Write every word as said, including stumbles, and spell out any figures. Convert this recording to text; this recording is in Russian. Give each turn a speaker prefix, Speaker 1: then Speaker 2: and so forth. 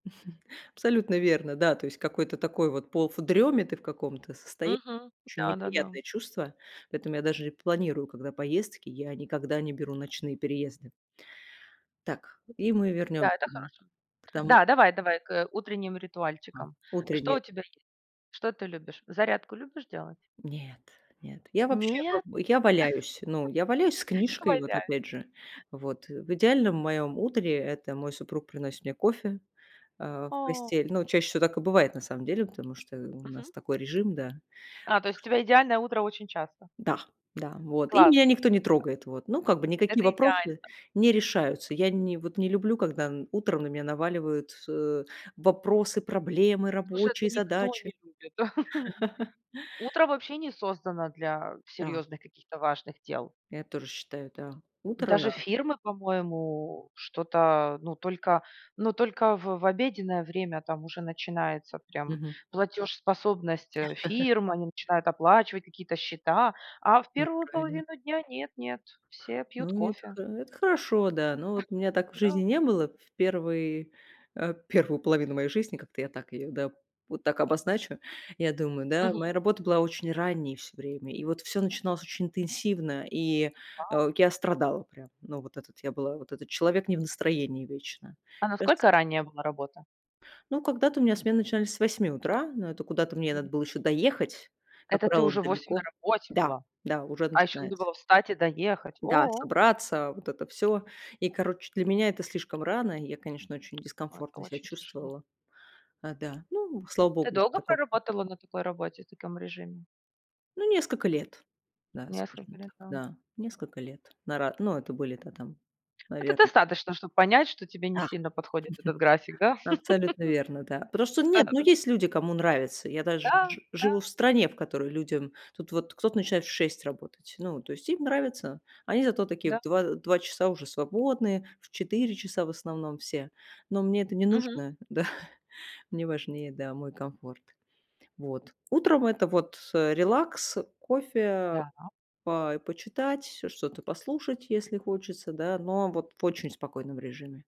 Speaker 1: Абсолютно верно, да. То есть какой-то такой вот полу в дреме, ты в каком-то состоянии.
Speaker 2: Мгм.
Speaker 1: Очень
Speaker 2: Да-да-да.
Speaker 1: неприятное чувство. Поэтому я даже и планирую когда поездки, я никогда не беру ночные переезды. Так, и мы
Speaker 2: Да,
Speaker 1: вернем
Speaker 2: это
Speaker 1: мгм,
Speaker 2: хорошо.
Speaker 1: к тому
Speaker 2: Да, давай, давай к, э, утренним
Speaker 1: А.
Speaker 2: ритуальчикам. Что у
Speaker 1: Утренние.
Speaker 2: тебя есть? Что ты любишь? Зарядку любишь делать?
Speaker 1: Нет, нет, я вообще вот,
Speaker 2: Нет?
Speaker 1: э, я валяюсь. Ну, я валяюсь с
Speaker 2: Я
Speaker 1: книжкой вот,
Speaker 2: валяюсь.
Speaker 1: опять же. Вот, э, в идеальном
Speaker 2: [unintelligible]
Speaker 1: моем утре- это мой супруг приносит мне кофе, а, в
Speaker 2: О.
Speaker 1: постель. Ну чаще всего так и бывает, на самом деле, потому что, э, у
Speaker 2: Мгм.
Speaker 1: нас такой режим, да.
Speaker 2: А, то есть у тебя идеальное утро очень часто.
Speaker 1: Да, да, вот и меня
Speaker 2: Класс.
Speaker 1: никто не трогает, вот. Ну, как бы никакие
Speaker 2: Это идеально.
Speaker 1: вопросы не решаются. Я не вот не люблю, когда н утром на меня наваливают, э, вопросы, проблемы,
Speaker 2: Слушай,
Speaker 1: рабочие
Speaker 2: это никто
Speaker 1: задачи.
Speaker 2: не любит. Утро вообще не создано для
Speaker 1: Да.
Speaker 2: серьезных, каких-то важных дел.
Speaker 1: Я тоже считаю, да,
Speaker 2: Даже
Speaker 1: утро
Speaker 2: фирмы, по-моему, что-то, ну только ну только в в обеденное время там уже начинается прям
Speaker 1: Мгм.
Speaker 2: платежеспособность, э, фирм. Они начинают оплачивать какие-то счета, а в
Speaker 1: Ну и
Speaker 2: первую
Speaker 1: правильно.
Speaker 2: половину дня нет нет, все пьют
Speaker 1: Ну это
Speaker 2: кофе.
Speaker 1: хо это хорошо, да. Ну вот у меня так в
Speaker 2: Да.
Speaker 1: жизни не было. В первый, э, первую половину моей жизни, как-то я так ее, да, вот так обозначу, я думаю, да,
Speaker 2: Мгм.
Speaker 1: моя работа была очень ранней всё время, и вот всё начиналось очень интенсивно, и,
Speaker 2: Вау.
Speaker 1: а, я страдала прям. Ну вот этот я была, вот этот человек не в настроении вечно.
Speaker 2: А
Speaker 1: Щас
Speaker 2: насколько ранняя была работа?
Speaker 1: Ну, когда-то у меня смены начинались с восьми утра, но это куда-то мне надо
Speaker 2: М.
Speaker 1: было еще доехать, как
Speaker 2: Это ты
Speaker 1: правило,
Speaker 2: уже в восемь на
Speaker 1: далеко.
Speaker 2: работе
Speaker 1: Да,
Speaker 2: была,
Speaker 1: да, уже
Speaker 2: а ещё надо
Speaker 1: начинается.
Speaker 2: было встать и доехать.
Speaker 1: Да,
Speaker 2: О.
Speaker 1: собраться вот это всё. И короче, для меня это слишком рано. Я, конечно, очень
Speaker 2: Ой. Это
Speaker 1: дискомфортно ся
Speaker 2: очень тяжело.
Speaker 1: чувствовала. А, да. Ну, м, слава
Speaker 2: Ты
Speaker 1: богу, уже
Speaker 2: долго
Speaker 1: такого нет.
Speaker 2: проработала на такой работе и в таком режиме?
Speaker 1: Ну, несколько лет. Да,
Speaker 2: Несколько
Speaker 1: скажем
Speaker 2: лет,
Speaker 1: так,
Speaker 2: да, м
Speaker 1: да несколько лет. На ра ну, это были, да, там,
Speaker 2: Это
Speaker 1: наверно.
Speaker 2: достаточно, чтоб понять, что тебе
Speaker 1: Да!
Speaker 2: не сильно подходит этот график, да?
Speaker 1: Абсолютно верно, да. Потому что, нет, ну
Speaker 2: Да-да.
Speaker 1: есть люди, кому нравится. Я даже
Speaker 2: Да,
Speaker 1: жи живу
Speaker 2: да.
Speaker 1: в стране, в которой людям, тут вот кто-то начинает в шесть работать. Ну, то есть им нравится. Они зато такие в
Speaker 2: Да.
Speaker 1: два, э, в два часа уже свободные, в часа в основном все. Но мне это не
Speaker 2: Мгм.
Speaker 1: нужно, да. Мне важнее, да, мой комфорт. Вот. Утром- это вот, э, релакс, кофе, а,
Speaker 2: Да.
Speaker 1: и по почитать, э, что-то послушать, если хочется, да, но вот в очень спокойном режиме.